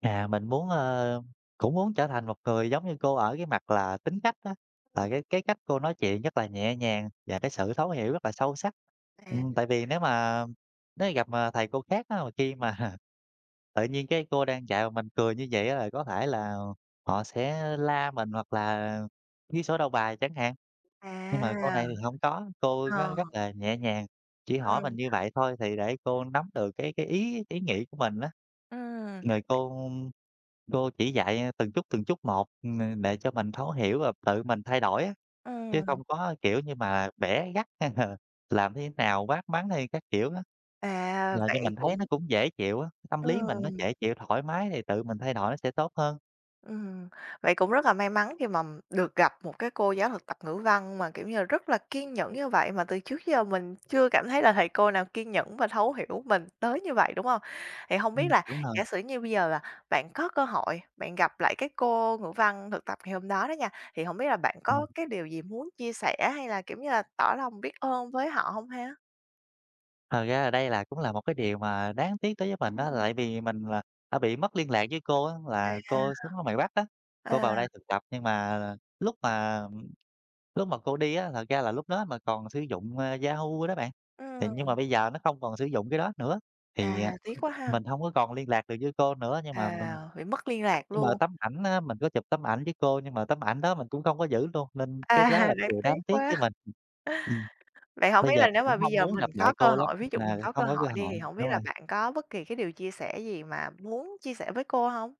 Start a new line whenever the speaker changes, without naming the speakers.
À, mình muốn, ờ, cũng muốn trở thành một người giống như cô ở cái mặt là tính cách á,
Ừm.
là cái cái cách cô nói chuyện rất là nhẹ nhàng và cái sự thấu hiểu rất là sâu sắc.
À.
Ừm, tại vì nếu mà nếu mà gặp mà thầy cô khác á, mà khi mà tự nhiên cái cô đang dạy mà mình cười như vậy á là có thể là họ sẽ la mình, hoặc là ghi sổ đầu bài chẳng hạn. Nhưng mà cô
À.
này thì hông có, cô
Ờ.
rất rất là nhẹ nhàng, chỉ hỏi mình
Ừm.
như vậy thôi thì để cô nắm được cái cái ý ý nghĩ của mình á.
Ừm.
Rồi cô cô chỉ dạy, à, từng chút từng chút một, ừm, đệ cho mình thấu hiểu và tự mình thay đổi á, chứ
Ừm.
không có, kiểu như, mà bẻ gắt hay là làm thế nào, quát mắng hay các kiểu á.
À,
Làm cho
vậy
mình thấy nó
cũng
cũng dễ chịu á, tâm lý mình nó
Ừm.
dễ chịu, thoải mái thì tự mình thay đổi nó sẽ tốt hơn.
Ừm. Vậy cũng rất là may mắn khi mà được gặp một cái cô giáo thực tập Ngữ Văn mà, kiểu như là, rất là kiên nhẫn như vậy, mà từ trước giờ mình chưa cảm thấy là thầy cô nào kiên nhẫn và thấu hiểu mình tới như vậy, đúng hông? Thì hông biết
Ừm,
là
đúng rồi!
giả sử như bây giờ, à, bạn có cơ hội, bạn gặp lại cái cô Ngữ Văn thực tập ngày hôm đó đó nha, thì hổng biết là bạn có
Ừm.
cái điều gì muốn chia sẻ, hay là, kiểu như là, tỏ lòng biết ơn với họ hông ha?
Thật ra là đây là cũng là một cái điều mà đáng tiếc đối với mình á,
Ừm.
tại vì mình là đã bị mất liên lạc với cô á, là
À.
cô sống ở ngoài Bắc á, cô
À.
vào đây thực tập nhưng mà lúc mà, lúc mà cô đi á, thật ra là lúc đó mà còn sử dụng, a, Yahoo đó bạn. Thì nhưng mà
Ừm.
bây giờ nó không còn sử dụng cái đó nữa thì,
À,
à,
tiếc quá ha!
mình hông có còn liên lạc được với cô nữa, nhưng mà mình
À, bị mất liên lạc
nhưng mà
luôn.
tấm ảnh á, mình có chụp tấm ảnh với cô nhưng mà tấm ảnh đó mình cũng không có giữ luôn, nên cái đó
À,
là cái
đáng
điều đáng
tiếc
tiếc
quá.
với mình. Ừm,
Vậy hổng
bây
biết
giờ
là
mình
nếu
cũng
mà bây
mong
giờ
muốn
mình
gặp lại
có cơ
cô lắm
hội, ví
nhưng
dụ mình
mà
có cơ
không có
hội
cơ
đi
hội,
thì hổng biết
đúng
là
rồi.
bạn có bất kỳ cái điều chia sẻ gì mà muốn chia sẻ với cô hông?